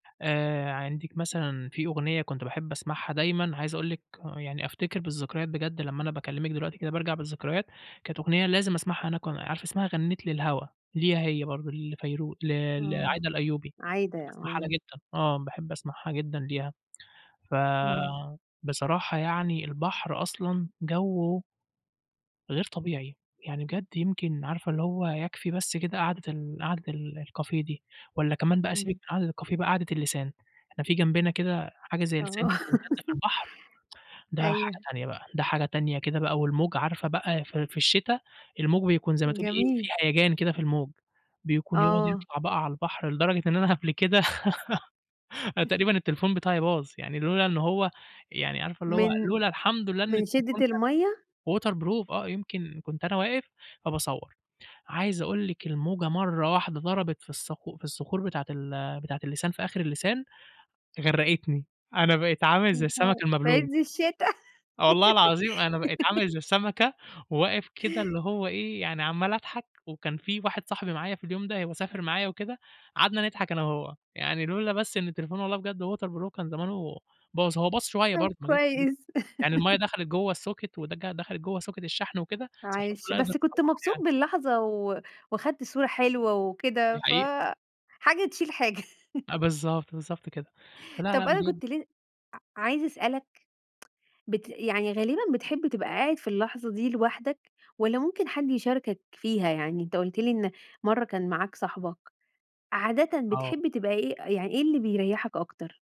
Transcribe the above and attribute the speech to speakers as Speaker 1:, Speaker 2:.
Speaker 1: آآ عندِك مثلًا في أغنية كنت باحب أسمعها دايمًا عايز أقول لِك يعني أفتكر بالذكريات بجد لمّا أنا باكلمِك دلوقتي كده بارجع بالذكريات، كانت أغنية لازم أسمعها هناك وأنا عارفة اسمها غنّيت للهوا، ليها هي برضه لفيروز ل
Speaker 2: آه،
Speaker 1: لعايدة الأيوبي،
Speaker 2: عايدة،
Speaker 1: باحب أسمعها
Speaker 2: آه.
Speaker 1: لها جدًا، آه باحب أسمعها جدًا ليها.
Speaker 2: إمم.
Speaker 1: فبصراحة يعني البحر أصلًا جَوّه غير طبيعي يعني بجد يمكن عارفة اللي هو يكفي بس كده قعدة ال قعدة الكافيه دي والّا كمان بقى سيبِك
Speaker 2: إمم.
Speaker 1: من قعدة الكافيه بقى قعدة اللسان. إحنا في جنبنا كده حاجة زي لسان
Speaker 2: آه.
Speaker 1: كده ممتدة في البحر، ده حاجة
Speaker 2: أيوه.
Speaker 1: تانية بقى، ده حاجة تانية كده بقى والموج عارفة بقى في في الشتا، الموج بيكون زي ما تقولي إيه
Speaker 2: جميل.
Speaker 1: فيه هَيَجان كده في الموج، بيكون يقعد
Speaker 2: آه.
Speaker 1: يطلع بقى على البحر لدرجة إن أنا قبل كده أنا تقريبًا التليفون بتاعي باظ يعني لولا إن هو يعني عارفة اللي هو
Speaker 2: من
Speaker 1: لولا الحمد لله إن
Speaker 2: من
Speaker 1: التليفون
Speaker 2: شدة
Speaker 1: كان
Speaker 2: المَيّة؟
Speaker 1: waterproof آه، يمكن كنت أنا واقف فباصوَّر، عايز أقول لِك الموجة مرّة واحدة ضربت في الصخ في الصخور بتاعة ال بتاعة اللسان في آخر اللسان، غرقتني، أنا بقيت عامل زي السمك
Speaker 2: [unintelligible] في
Speaker 1: المبلول.
Speaker 2: عِز الشتا.
Speaker 1: والله العظيم أنا بقيت عامل زي سمكة وواقف كده اللي هو إيه يعني عمّال أضحك، وكان في واحد صاحبي معايا في اليوم ده هو سافر معايا وكده، قعدنا نضحك أنا وهو، يعني لولا بس إن التليفون والله بجد waterproof هو كان زمانه باظ، هو باظ شوية
Speaker 2: طب
Speaker 1: برضه [unintelligible]
Speaker 2: كويس.
Speaker 1: يعني المَيَّة دخلِت جوّه الsocket ودك دخلِت جوّه socket الشحن وكده، بس
Speaker 2: معلش،
Speaker 1: الحمدلله
Speaker 2: بس
Speaker 1: قدرت
Speaker 2: كنت
Speaker 1: أصلحها
Speaker 2: مبسوط
Speaker 1: يعني.
Speaker 2: باللحظة و وخدت صورة حلوة
Speaker 1: دي
Speaker 2: وكده،
Speaker 1: حقيقة.
Speaker 2: فحاجة تشيل حاجة.
Speaker 1: بالضبط، بالضبط كده. فلا لأ
Speaker 2: طب أنا
Speaker 1: بجد
Speaker 2: كنت ل ع عايزة أسألك بت يعني غالبًا بتحب تبقى قاعد في اللحظة دي لوحدك، والّا ممكن حد يشاركك فيها؟ يعني أنت قُلت لي إن مرّة كان معاك صاحبك، عادةً
Speaker 1: آه.
Speaker 2: بتحب تبقى إيه يعني إيه اللي بيريحك أكتر؟